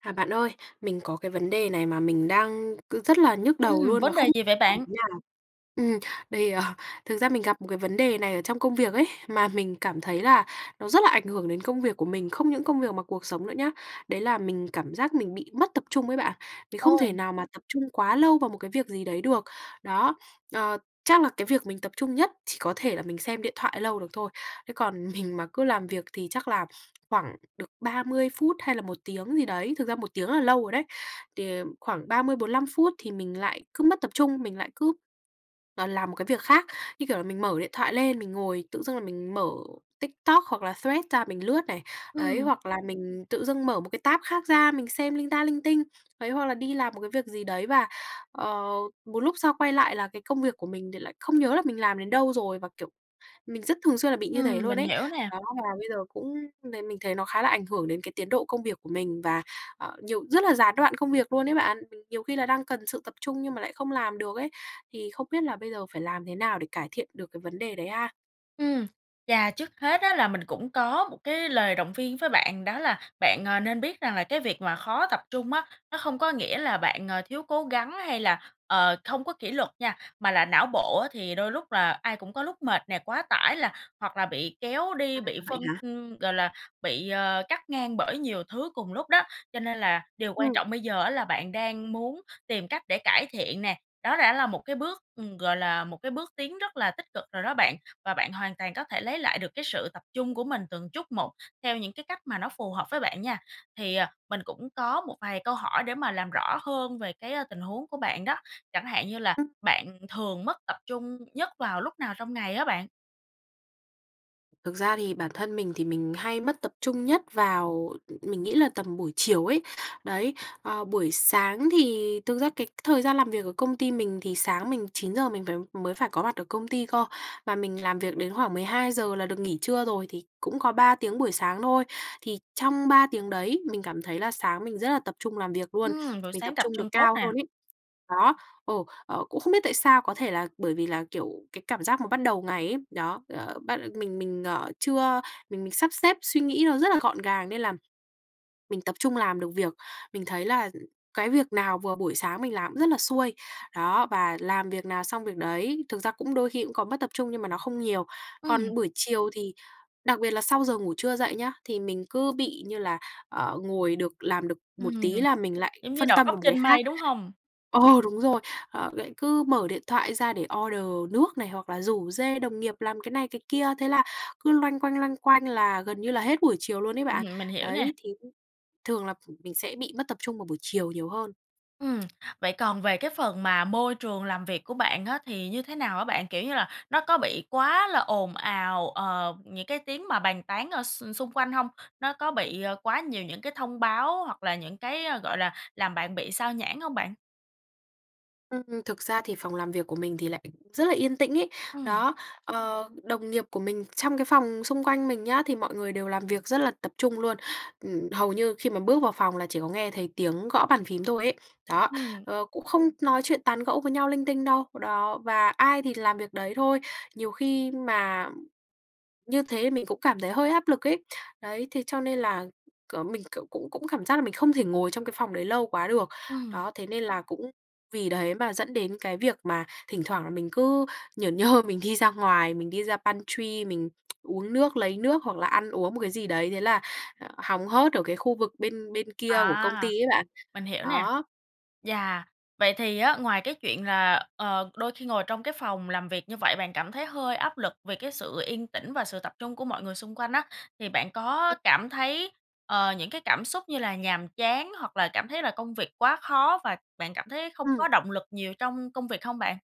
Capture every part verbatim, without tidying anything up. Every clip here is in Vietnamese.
À, bạn ơi, mình có cái vấn đề này mà mình đang cứ rất là nhức đầu Ừm, luôn mà vấn không đề gì vậy làm bạn? thế nào. Ừm, đây, ờ, thực ra mình gặp một cái vấn đề này ở trong công việc ấy, mà mình cảm thấy là nó rất là ảnh hưởng đến công việc của mình, không những công việc mà cuộc sống nữa nhá. Đấy là mình cảm giác mình bị mất tập trung ấy bạn, mình không Ôi. thể nào mà tập trung quá lâu vào một cái việc gì đấy được. Đó. Ờ, chắc là cái việc mình tập trung nhất chỉ có thể là mình xem điện thoại lâu được thôi. Thế còn mình mà cứ làm việc thì chắc là khoảng được ba mươi phút hay là một tiếng gì đấy thực ra một tiếng rất là lâu rồi đấy, đề khoảng ba mươi đến bốn mươi lăm phút thì mình lại cứ mất tập trung, mình lại cứ, ờ, làm một cái việc khác. Như kiểu là mình mở điện thoại lên, mình ngồi tự dưng là mình mở TikTok hoặc là Threads ra mình lướt này, đấy. Ừm. Hoặc là mình tự dưng mở một cái tab khác ra, mình xem linh ta linh tinh. Đấy hoặc là đi làm một cái việc gì đấy và, ờ, một lúc sau quay lại là cái công việc của mình thì lại không nhớ là mình làm đến đâu rồi, và, kiểu, mình rất thường xuyên là bị như Ừm, thế luôn mình ấy. hiểu nè. Đó, và bây giờ cũng mình thấy mình thấy nó khá là ảnh hưởng đến cái tiến độ công việc của mình, và, ờ, nhiều rất là gián đoạn công việc luôn ấy bạn, mình nhiều khi là đang cần sự tập trung nhưng mà lại không làm được ấy. Thì không biết là bây giờ phải làm thế nào để cải thiện được cái vấn đề đấy ha? Ừm. Yeah. Trước hết á là mình cũng có một cái lời động viên với bạn. Đó là bạn, ờ, nên biết rằng là cái việc mà khó tập trung á, nó không có nghĩa là bạn, ờ, thiếu cố gắng hay là, ờ, không có kỷ luật nha, mà là não bộ á, thì đôi lúc là ai cũng có lúc mệt nè, quá tải là hoặc là bị kéo đi, À, bị vậy phân hả? ưm, gọi là bị, ờ, cắt ngang bởi nhiều thứ cùng lúc đó. Cho nên là điều quan Ừm. trọng bây giờ á, là bạn đang muốn tìm cách để cải thiện nè, đó đã là một cái bước, ừm, gọi là, một cái bước tiến rất là tích cực rồi đó bạn, và bạn hoàn toàn có thể lấy lại được cái sự tập trung của mình từng chút một, theo những cái cách mà nó phù hợp với bạn nha. Thì, à, mình cũng có một vài câu hỏi để mà làm rõ hơn về cái, a, tình huống của bạn đó. Chẳng hạn như là Ừm. bạn thường mất tập trung nhất vào lúc nào trong ngày á bạn? Thực ra thì bản thân mình, thì mình hay mất tập trung nhất vào ừm, ừm, mình nghĩ là tầm buổi chiều ấy, đấy. Ờ, buổi sáng thì thực ra cái thời gian làm việc ở công ty mình thì sáng mình chín giờ mình vào mới phải có mặt ở công ty cơ, và mình làm việc đến khoảng mười hai giờ là được nghỉ trưa rồi, thì cũng có ba tiếng buổi sáng thôi. Thì trong ba tiếng đấy, mình cảm thấy là sáng mình rất là tập trung làm việc luôn, Ưm, rồi mình sáng tập tập trung được trung tốt cao nào. hơn ấy. Đó, ồ, ờ, cũng không biết tại sao? Có thể là bởi vì là, kiểu, cái cảm giác mà bắt đầu ngày ấy, đó, ờ, bắt ờ, mình mình ở chưa mình mình sắp xếp suy nghĩ nó rất là gọn gàng nên là mình tập trung làm được việc. Mình thấy là cái việc nào vừa buổi sáng mình làm cũng rất là xuôi. Đó, và làm việc nào xong việc đấy. Thực ra cũng đôi khi cũng có mất tập trung, nhưng mà nó không nhiều. Ừm. Còn buổi chiều thì đặc biệt là sau giờ ngủ trưa dậy nhớ, thì mình cứ bị như là, ờ, ngồi được làm được một Ừm. tí là mình lại Giống như phân đầu tâm óc vào một cái trên khác. mây, đúng hông? Ờ, đúng rồi. Ờ, vậy cứ mở điện thoại ra để order nước này, hoặc là rủ rê đồng nghiệp làm cái này, cái kia, thế là cứ loanh quanh, loanh quanh, là gần như là hết buổi chiều luôn ấy bạn. Hừm, mình hiểu nè. Đấy, thì, ưm, thường là ph mình sẽ bị mất tập trung vào buổi chiều nhiều hơn. Ừm. Vậy còn về cái phần mà môi trường làm việc của bạn á, thì như thế nào á bạn? Kiểu như là nó có bị quá là ồn ào, ờ, những cái tiếng mà bàn tán ở x xung quanh hông? Nó có bị, ờ, quá nhiều những cái thông báo, hoặc là những cái, ơ, gọi là, làm bạn bị xao nhãng hông bạn? Ừm, thực ra thì phòng làm việc của mình thì lại rất là yên tĩnh ấy. Ừm. Đó, ờ, đồng nghiệp của mình trong cái phòng xung quanh mình nhá, thì mọi người đều làm việc rất là tập trung luôn. Ừm, hầu như khi mà bước vào phòng, là chỉ có nghe thấy tiếng gõ bàn phím thôi ấy. Đó, Ừm. ờ, cũng không nói chuyện, tán gẫu với nhau linh tinh đâu, đó, và ai thì làm việc đấy thôi. Nhiều khi mà như thế, mình cũng cảm thấy hơi áp lực ấy. Đấy, thế cho nên là c mình, kiểu, cũng cũng cảm giác là mình không thể ngồi trong cái phòng đấy lâu quá được. Ừm. Đó, thế nên là cũng vì đấy mà dẫn đến cái việc mà thỉnh thoảng, là mình cứ nhởn nhơ, mình đi ra ngoài, mình đi ra pantry, mình uống nước, lấy nước, hoặc là ăn uống một cái gì đấy, thế là, ờ, hóng hớt ở cái khu vực bên bên kia của công ty À, ấy bạn, mình hiểu nè. đó. Yeah, vậy thì á, ngoài cái chuyện là, ờ, đôi khi ngồi trong cái phòng làm việc như vậy, bạn cảm thấy hơi áp lực vì cái sự yên tĩnh, và sự tập trung của mọi người xung quanh á, thì bạn có Ừm. cảm thấy, ờ, những cái cảm xúc như là nhàm chán, hoặc là cảm thấy là công việc quá khó, và bạn cảm thấy không Ừm. có động lực nhiều trong công việc hông bạn?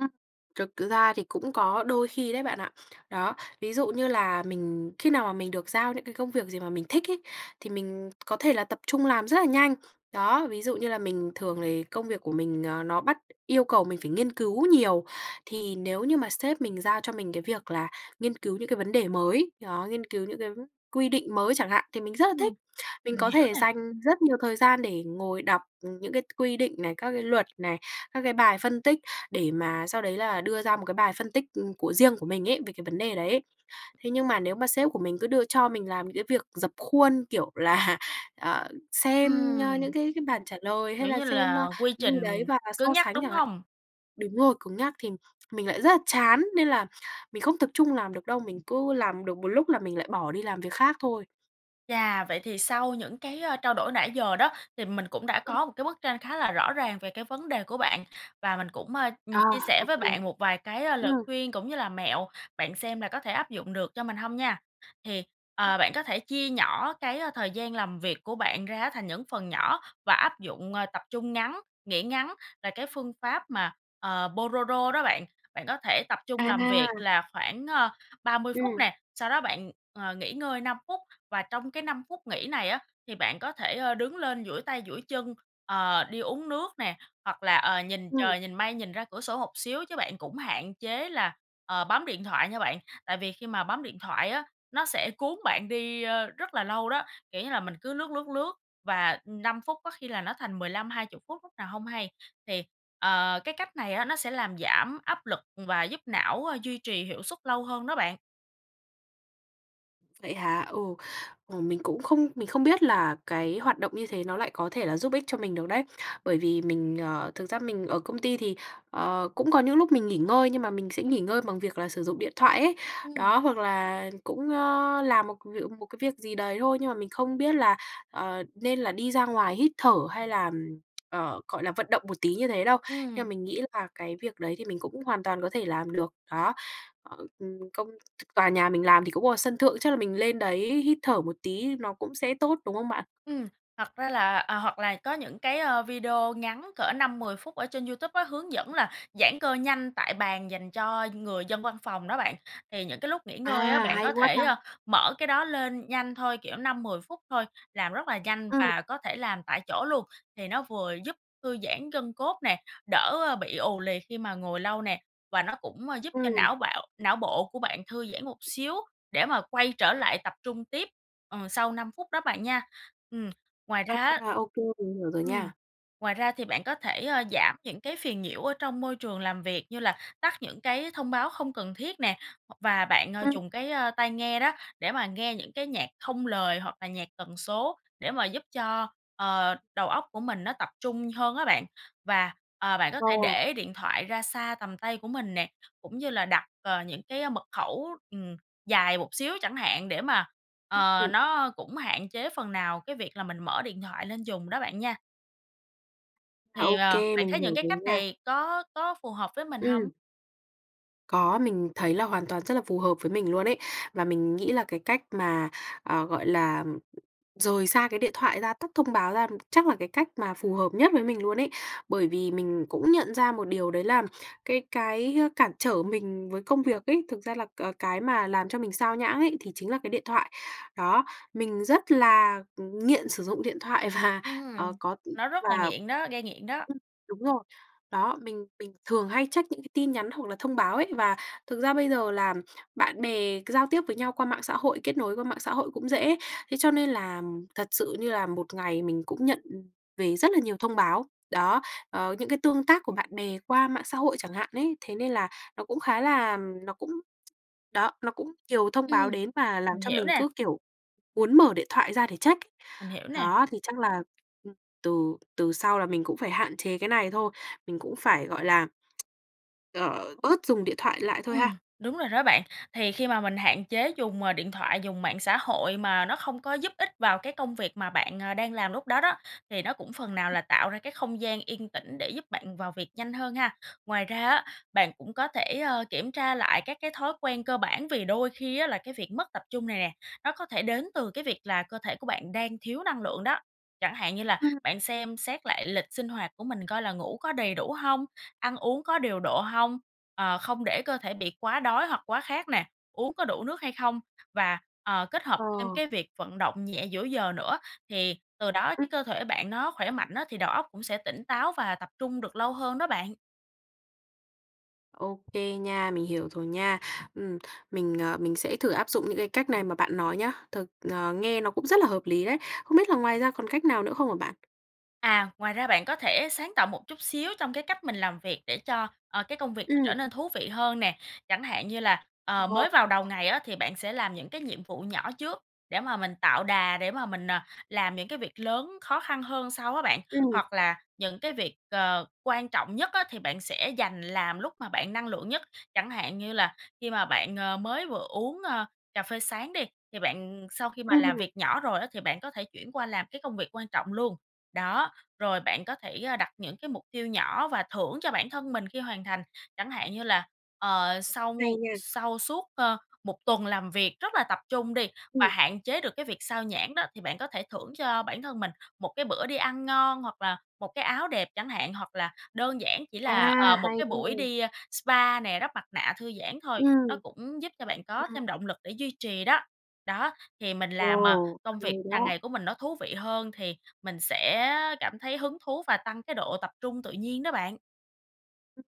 Ừm, thực ra thì cũng có đôi khi đấy bạn ạ. Đó, ví dụ như là mình khi nào mà mình được giao những cái công việc gì mà mình thích ấy, thì mình có thể là tập trung làm rất là nhanh. Đó, ví dụ như là mình thường thì công việc của mình, ờ, nó bắt yêu cầu mình phải nghiên cứu nhiều, thì nếu như mà sếp mình giao cho mình cái việc là nghiên cứu những cái vấn đề mới, đó, nghiên cứu những cái quy định mới chẳng hạn, thì mình rất là thích. Ừm, Mình mình có hiểu thể nè. dành rất nhiều thời gian để ngồi đọc, ừm, những cái quy định này, các cái luật này, các cái bài phân tích, để mà sau đấy là đưa ra một cái bài phân tích, ừm, của riêng của mình ấy, về cái vấn đề đấy. Thế nhưng mà, nếu mà sếp của mình cứ đưa cho mình làm những cái việc rập khuôn, kiểu là, ờ, xem, a, những Ừm. cái cái bản trả lời, hay Kiểu là như xem, ơ, là quy gì trình đấy và cứng so nhắc, sánh đúng chẳng hạn. hông? Đúng rồi, cứng nhắc. Thì mình lại rất là chán, nên là mình không tập trung làm được đâu, mình cứ làm được một lúc là mình lại bỏ đi làm việc khác thôi. Chà, vậy thì sau những cái, a, trao đổi nãy giờ đó, thì mình cũng đã Ừm. có một cái bức tranh khá là rõ ràng về cái vấn đề của bạn, và mình cũng, à, ừm, À, chia sẻ ô với kê. bạn một vài cái, a, lời Ừm. khuyên cũng như là mẹo, bạn xem là có thể áp dụng được cho mình hông nha. Thì, Ừm. ờ, bạn có thể chia nhỏ cái, ơ, thời gian làm việc của bạn ra á, thành những phần nhỏ, và áp dụng, ờ, tập trung ngắn, nghỉ ngắn là cái phương pháp mà, ờ, Pô đô rô đó bạn. Bạn có thể tập trung làm việc À! là khoảng, ờ, ba mươi phút Ừm. nè, sau đó bạn, ờ, nghỉ ngơi năm phút, và trong cái năm phút nghỉ này á, thì bạn có thể, ơ, đứng lên duỗi tay duỗi chân, ờ, đi uống nước nè, hoặc là, ờ, nhìn Ừm. trời, nhìn mây, nhìn ra cửa sổ một xíu, chứ bạn cũng hạn chế là, ờ, bấm điện thoại nha bạn. Tại vì khi mà bấm điện thoại á, nó sẽ cuốn bạn đi, ơ, rất là lâu đó. Kiểu như là mình cứ lướt, lướt, lướt, và, ừm, năm phút, có khi là nó thành mười lăm hai chục phút lúc nào hông hay. Thì, ờ, cái cách này á, nó sẽ làm giảm áp lực và giúp não, ơ, duy trì hiệu suất lâu hơn đó bạn. Vậy hả? Ừ. Ồ, mình cũng không mình không biết là cái hoạt động như thế nó lại có thể là giúp ích cho mình được đấy. Bởi vì mình, ờ, thực ra mình ở công ty thì, ờ, cũng có những lúc mình nghỉ ngơi nhưng mà mình sẽ nghỉ ngơi bằng việc là sử dụng điện thoại ấy. Ừm. Đó, hoặc là cũng, ờ, làm một việc một cái việc gì đấy thôi. Nhưng mà mình không biết là, ờ, nên là đi ra ngoài hít thở hay là, ừm, ờ, gọi là, vận động một tí như thế đâu. Nhưng mà Ừm. mình nghĩ là cái việc đấy thì mình cũng hoàn toàn có thể làm được, đó. Ờ, ừm, công ch tòa nhà mình làm thì cũng có sân thượng, chắc là mình lên đấy hít thở một tí nó cũng sẽ tốt, đúng không bạn? Ừm, thật ra là à, hoặc là có những cái, ờ, video ngắn cỡ năm mười phút ở trên YouTube á, hướng dẫn là giãn cơ nhanh tại bàn dành cho người dân văn phòng đó bạn. Thì những cái lúc nghỉ ngơi á, À, bạn hay có quá thể, ta. ơ, mở cái đó lên nhanh thôi, kiểu, năm đến mười phút thôi, làm rất là nhanh Ừm. và có thể làm tại chỗ luôn. Thì nó vừa giúp thư giãn gân cốt nè, đỡ bị ù lì khi mà ngồi lâu nè, và nó cũng, ờ, giúp cho Ừm. não bạo não bộ của bạn thư giãn một xíu để mà quay trở lại tập trung tiếp, ờ, sau năm phút đó bạn nha. Ừm. Ngoài ra á À, ô kê, mình hiểu rồi ừm, nha. ngoài ra thì bạn có thể, ờ, giảm những cái phiền nhiễu ở trong môi trường làm việc như là tắt những cái thông báo không cần thiết nè, và bạn Ừm. dùng cái, ơ, tai nghe đó, để mà nghe những cái nhạc không lời hoặc là nhạc tần số để mà giúp cho, ờ, đầu óc của mình nó tập trung hơn á bạn. Và, ờ, bạn có Ờ. thể để điện thoại ra xa tầm tay của mình nè, cũng như là đặt, ờ, những cái mật khẩu, ừm, dài một xíu chẳng hạn, để mà, Ừm, ờ, ừm. nó cũng hạn chế phần nào cái việc là mình mở điện thoại lên dùng đó bạn nha. À, Thì, ô ờ, kê, bạn mình thấy những hiểu cái rồi cách nha. này có có phù hợp với mình hông? Ừm. Có, mình thấy là hoàn toàn rất là phù hợp với mình luôn ấy. Và mình nghĩ là cái cách mà, ờ, gọi là, rời xa cái điện thoại ra, tắt thông báo ra, chắc là cái cách mà phù hợp nhất với mình luôn ấy. Bởi vì mình cũng nhận ra một điều, đấy là cái cái cản trở mình với công việc ấy, thực ra là, ờ, cái mà làm cho mình xao nhãng ấy, thì chính là cái điện thoại. Đó, mình rất là nghiện sử dụng điện thoại và, ờ, Ừm, có, ừm nó rất là và nghiện đó, gây nghiện đó. ừm, đúng rồi, đó, mình mình thường hay check những cái tin nhắn hoặc là thông báo ấy. Và thực ra bây giờ, là bạn bè giao tiếp với nhau qua mạng xã hội, kết nối qua mạng xã hội cũng dễ. Thế cho nên là thật sự, như là một ngày mình cũng nhận về rất là nhiều thông báo. Đó, ờ, những cái tương tác của bạn bè qua mạng xã hội chẳng hạn ấy, thế nên là nó cũng khá là nó cũng đó, nó cũng nhiều thông Ừm, báo đến mà làm mình cho hiểu mình nè. cứ kiểu muốn mở điện thoại ra để check. Mình hiểu nè. Đó, thì chắc là ừm, từ từ sau là mình cũng phải hạn chế cái này thôi, mình cũng phải, gọi là, ờ, bớt dùng điện thoại lại thôi Ừm, ha. đúng rồi đó bạn. Thì khi mà mình hạn chế dùng, ờ, điện thoại, dùng mạng xã hội mà nó không có giúp ích vào cái công việc mà bạn, à, đang làm lúc đó đó, thì nó cũng phần nào là tạo ra cái không gian yên tĩnh để giúp bạn vào việc nhanh hơn ha. Ngoài ra á, bạn cũng có thể, à, kiểm tra lại các cái thói quen cơ bản. Vì đôi khi á là cái việc mất tập trung này nè, nó có thể đến từ cái việc là cơ thể của bạn đang thiếu năng lượng đó. Chẳng hạn như là Ừm. bạn xem xét lại lịch sinh hoạt của mình, coi là ngủ có đầy đủ hông, ăn uống có điều độ hông? Ờ, không để cơ thể bị quá đói hoặc quá khát nè, uống có đủ nước hay không? Và, ờ, kết hợp thêm Ờ. cái việc vận động nhẹ giữa giờ nữa, thì từ đó Ừm. cái cơ thể bạn nó khỏe mạnh á, thì đầu óc cũng sẽ tỉnh táo và tập trung được lâu hơn đó bạn. Ô kê nha, mình hiểu rồi nha. Ừm, mình, ờ, mình sẽ thử áp dụng những cái cách này mà bạn nói nhé. Thực ờ, nghe nó cũng rất là hợp lý đấy. Không biết là ngoài ra còn cách nào nữa không hả bạn? À, ngoài ra bạn có thể sáng tạo một chút xíu trong cái cách mình làm việc để cho, ờ, cái công việc nó Ừm. trở nên thú vị hơn nè. Chẳng hạn như là, ờ, Ồ. mới vào đầu ngày á, thì bạn sẽ làm những cái nhiệm vụ nhỏ trước, để mà mình tạo đà, để mà mình, ờ, làm những cái việc lớn, khó khăn hơn sau á bạn. Ừm. Hoặc là những cái việc, ờ, quan trọng nhất á, thì bạn sẽ dành làm lúc mà bạn năng lượng nhất. Chẳng hạn như là khi mà bạn, ờ, mới vừa uống, ơ, cà phê sáng đi, thì bạn, ừm sau khi mà làm Ừm. việc nhỏ rồi á, thì bạn có thể chuyển qua làm cái công việc quan trọng luôn. Đó, rồi bạn có thể, a, đặt những cái mục tiêu nhỏ, và thưởng cho bản thân mình khi hoàn thành. Chẳng hạn như là, ờ, sau Hay nha. sau suốt, ơ, một tuần làm việc rất là tập trung đi, và Ừm. hạn chế được cái việc sao nhãng đó, thì bạn có thể thưởng cho bản thân mình một cái bữa đi ăn ngon, hoặc là một cái áo đẹp chẳng hạn. Hoặc là đơn giản chỉ là, A. ờ, một Hay cái buổi nha. đi, a, spa nè, đắp mặt nạ thư giãn thôi, nó Ừm. cũng giúp cho bạn có Ừm. thêm động lực để duy trì đó. Đó, thì mình làm, à, Ồ. công việc Hay hằng đó. ngày của mình nó thú vị hơn, thì mình sẽ cảm thấy hứng thú, và tăng cái độ tập trung tự nhiên đó bạn. Ừm.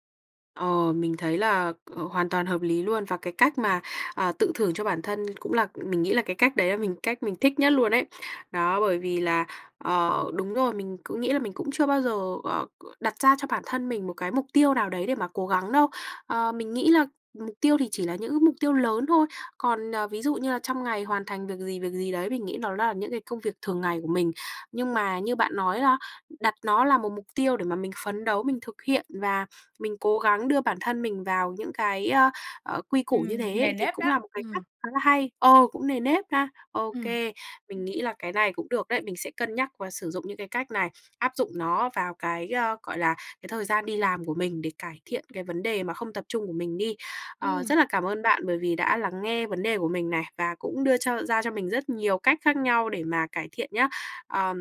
Ờ, mình thấy là, ờ, hoàn toàn hợp lý luôn, và cái cách mà, ờ, tự thưởng cho bản thân cũng là mình nghĩ là cái cách đấy là mình cách mình thích nhất luôn ấy. Đó, bởi vì là, ờ, đúng rồi, mình cứ nghĩ là mình cũng chưa bao giờ, ờ, c đặt ra cho bản thân mình một cái mục tiêu nào đấy để mà cố gắng đâu. Ờ, mình nghĩ là mục tiêu thì chỉ là những cái mục tiêu lớn thôi. Còn, ờ, ví dụ như là trong ngày hoàn thành việc gì, việc gì đấy mình nghĩ nó là những cái công việc thường ngày của mình. Nhưng mà như bạn nói la đặt nó là một mục tiêu để mà mình phấn đấu, mình thực hiện và mình cố gắng đưa bản thân mình vào những cái, ơ, ờ, quy củ như Ừm, thế nề ấy thì nếp cũng đó, là một cái cách ừm. khá là hay, ờ, cũng nề nếp ha. Ô Ừm. kê, mình nghĩ là cái này cũng được đấy. Mình sẽ cân nhắc và sử dụng những cái cách này, áp dụng nó vào cái, ơ, gọi là, cái thời gian đi làm của mình để cải thiện cái vấn đề mà không tập trung của mình đi. Ờ, Ừm. rất là cảm ơn bạn bởi vì đã lắng nghe vấn đề của mình này và cũng đưa cho ra cho mình rất nhiều cách khác nhau để mà cải thiện nhá. Ờ,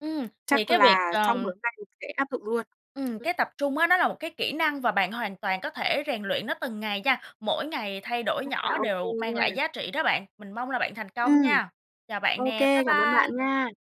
Ừm, thì chắc cái việc, là sau ờ buổi hôm nay mình sẽ áp dụng luôn. Ừm, Ừm. cái tập trung á, nó là một cái kỹ năng và bạn hoàn toàn có thể rèn luyện nó từng ngày nha, mỗi ngày thay đổi Rất là nhỏ ô kê đều mang nha. lại giá trị đó bạn. Mình mong là bạn thành công Ừm. nha. Chào bạn Ô nè, kê, bye cảm ơn bạn bye. nha.